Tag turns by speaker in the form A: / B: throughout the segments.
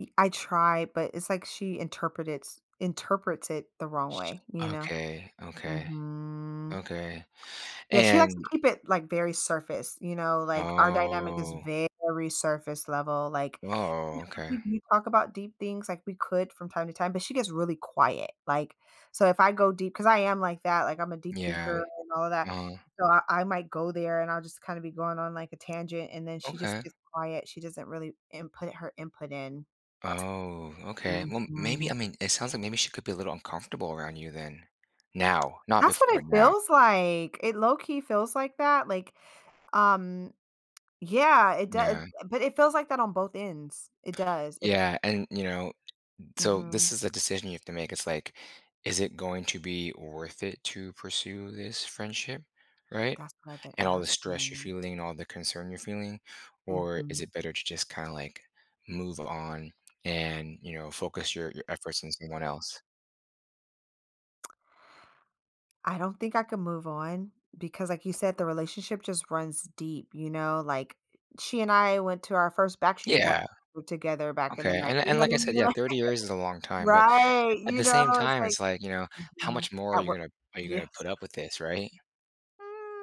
A: Eh, I try, but it's like she interpret it's interprets it the wrong
B: Sh
A: way, you know?
B: Okay, okay.
A: Mhm.
B: Okay.
A: Yeah, she likes to
B: And
A: keep it, like, very surface, you know, like, our dynamic is
B: Oh.
A: very surface level, like
B: Oh,
A: [unintelligible]
B: okay.
A: we talk about deep things like we could from time to time, but she gets really quiet. Like, so if I go deep 'cause I am like that, like, I'm a deep
B: Yeah.
A: thinker and all that.
B: Uh-huh.
A: So, I I might go there and I'll just kinda be going on like a tangent and then she just
B: Okay.
A: gets quiet, she doesn't really input her input in.
B: Oh,
A: T
B: okay. Well, maybe
A: Mhm.
B: I mean, it sounds like maybe she could be a little uncomfortable around you then. Now. Not
A: That's
B: before,
A: what it
B: but now.
A: feels like; it low key feels like that, like, um Yeah, it do
B: Yeah.
A: but it feels like that on both ends; it does if
B: Yeah, and, you know, n so, this
A: Mhm.
B: is a decision you have to make, it's, like, is it going to be worth it to pursue this friendship? Right,
A: That's what I been
B: and all the stress you're
A: asking.
B: feeling and all the concern you're feeling, or is
A: Mhm.
B: it better to just kinda, like, move on and, you know, focus your your efforts on someone else?
A: I don't think I can move on because, like you said, the relationship just runs deep, you know, like, she and I went to our first Backstreet Boy
B: Yeah.
A: [unintelligible] together back in the
B: Okay,
A: 9.
B: and
A: [unintelligible] You
B: and
A: know,
B: like I
A: what I
B: said, yeah,
A: mean,
B: 30 years is a long time, but
A: Right,
B: at
A: you
B: the
A: know,
B: same
A: it's
B: time,
A: like
B: it's, like, you know, how
A: Mhm.
B: much more are
A: At
B: you
A: what
B: gonna are you gonna
A: Yes.
B: put up with this right?
A: Ah.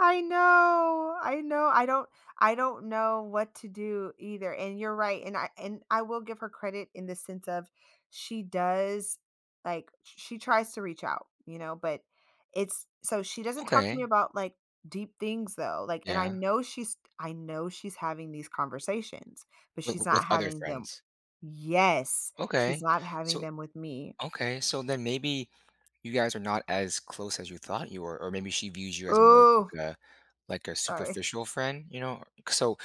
A: I know, I know. I don't I don't know what to do either, and you're right, and I and I will give her credit in the sense of she does, like, sh sh she tries to reach out, you know, but it's so, she doesn't talk to me
B: Okay.
A: about like deep things though, like, and I
B: Yeah.
A: know she's I know she's having these conversations, but
B: W
A: she's
B: w
A: not
B: with other
A: having them
B: friends.
A: Yes. She's
B: Okay.
A: not having
B: So
A: them with me.
B: Okay so, then maybe you guys are not as close as you thought you were, or maybe she views you as more like
A: Ooh.
B: a like a
A: Sorry.
B: superficial friend, you know? C So,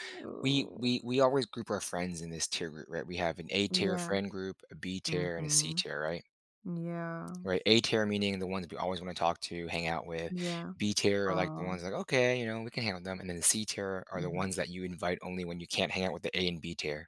B: we
A: Ooh.
B: we we always group our friends in this tier group, right? We have an A-tier
A: Yeah.
B: friend group, a B-tier, and a
A: Mhm.
B: C-tier, right?
A: Yeah.
B: Right? A-tier, meaning the ones that we always wanna talk to, hang out with.
A: Yeah.
B: B-tier are, like, the
A: Aw.
B: ones that, okay, you know, we can hang with them, and then the C-tier are the
A: Mhm.
B: ones that you invite only when you can't hang out with the A and B-tier.